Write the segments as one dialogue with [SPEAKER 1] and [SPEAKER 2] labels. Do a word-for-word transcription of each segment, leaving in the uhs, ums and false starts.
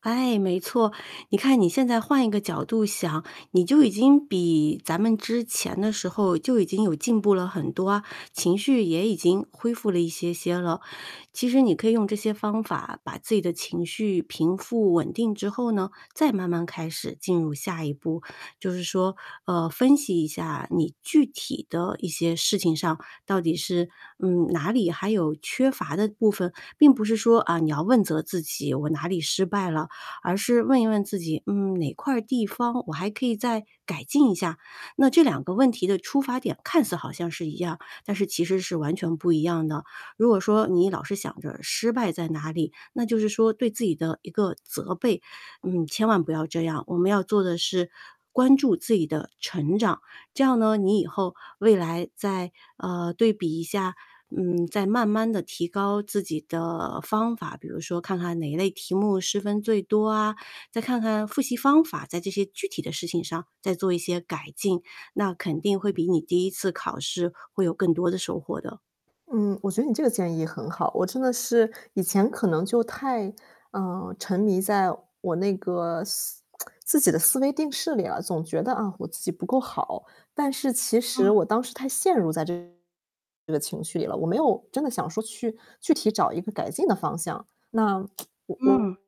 [SPEAKER 1] 哎，没错，你看你现在换一个角度想，你就已经比咱们之前的时候就已经有进步了很多啊，情绪也已经恢复了一些些了。其实你可以用这些方法把自己的情绪平复稳定之后呢，再慢慢开始进入下一步，就是说，呃，分析一下你具体的一些事情上，到底是，嗯，哪里还有缺乏的部分，并不是说啊，你要问责自己我哪里失败了，而是问一问自己，嗯，哪块儿地方我还可以再改进一下。那这两个问题的出发点看似好像是一样，但是其实是完全不一样的。如果说你老是想着失败在哪里，那就是说对自己的一个责备，嗯，千万不要这样，我们要做的是关注自己的成长，这样呢，你以后未来再呃，对比一下，嗯，再慢慢地提高自己的方法，比如说看看哪一类题目失分最多啊，再看看复习方法，在这些具体的事情上再做一些改进，那肯定会比你第一次考试会有更多的收获的。
[SPEAKER 2] 嗯，我觉得你这个建议很好，我真的是以前可能就太，呃，沉迷在我那个 自己的思维定式里了，总觉得啊，我自己不够好，但是其实
[SPEAKER 1] 嗯。
[SPEAKER 2] 我当时太陷入在这这个情绪了，我没有真的想说去具体找一个改进的方向，那 我
[SPEAKER 1] 嗯。
[SPEAKER 2] 我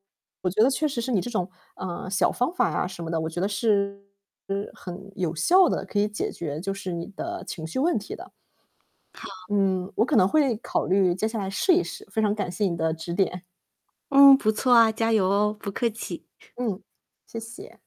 [SPEAKER 2] 我觉得确实是你这种，呃，小方法啊什么的，我觉得是是很有效地可以解决就是你的情绪问题的。
[SPEAKER 1] 好。
[SPEAKER 2] 嗯，我可能会考虑接下来试一试，非常感谢你的指点。
[SPEAKER 1] 嗯，不错啊，加油哦，不客气。
[SPEAKER 2] 嗯，谢谢。